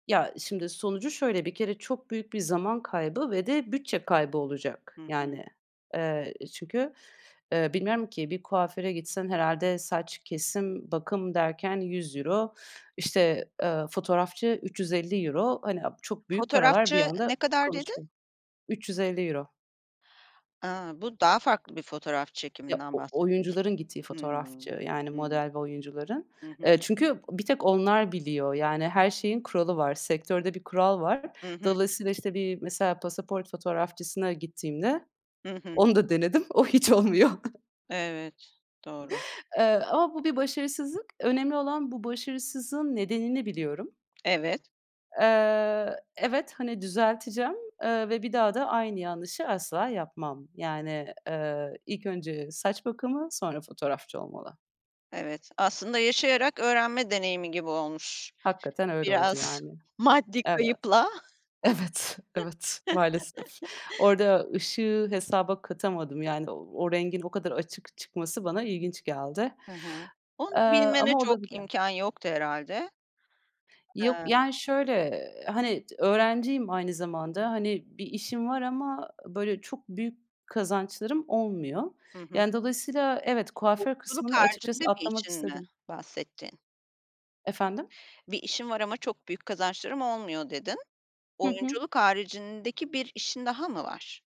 Ya, şimdi sonucu şöyle: Bir kere çok büyük bir zaman kaybı ve de bütçe kaybı olacak. Hı hı. Yani, eee, çünkü, eee, bilmiyorum ki, bir kuaföre gitsen herhâlde saç, kesim, bakım derken €100, işte, ııı, fotoğrafçı €350 Hani, aaa, çok büyük paralar bir Fotoğrafçı anda ne kadar dedin? konuşuyor €350 A, bu daha farklı bir fotoğraf Ya, çekiminden o bahsediyorsun. oyuncuların gittiği Hımm. fotoğrafçı, yani Hımm. model ve oyuncuların. Hı hı. Eee, çünkü bir tek onlar biliyor. Yani her şeyin kuralı var. Sektörde bir kural var. Hı hı. Dolayısıyla, işte, bir mesela pasaport fotoğrafçısına gittiğimde Hı hı. Onu da denedim, o hiç olmuyor. Evet, doğru. Eee, ama bu da başarısızlık. Önemli olan bu başarısızlığın nedenini biliyorum. Evet. Eee, evet, hani, düzelteceğim, eee, ve bir daha da aynı yanlışı asla yapmam. Yani, eee, ilk önce saç bakımı, sonra fotoğrafçı olmalı. Evet, aslında yaşayarak öğrenme deneyimi gibi olmuş Hakikaten öyle oldu biraz yani. maddi Evet. kayıpla. Evet, evet. Maalesef. Orada ışığı hesaba katamadım, yani o rengin o kadar açık çıkması bana ilginç geldi. Hı hı. Onu Eee, bilmene ama çok olabiliyor. imkân yoktu herhâlde. Yok, Iıı. yani, şöyle: Hani, d öğrenciyim aynı zamanda. Hani, bir işim var ama böyle çok büyük kazançlarım olmuyor. Hı hı. Yani dolayısıyla, evet, kuaför Oyunculuk kısmını açıkçası haricinde bir atlamak işin mi istedim. bahsettiğin? Efendim? "Bir işim var ama çok büyük kazançlarım olmuyor" dedin. Hı hı. Oyunculuk haricindeki bir işin daha mı var?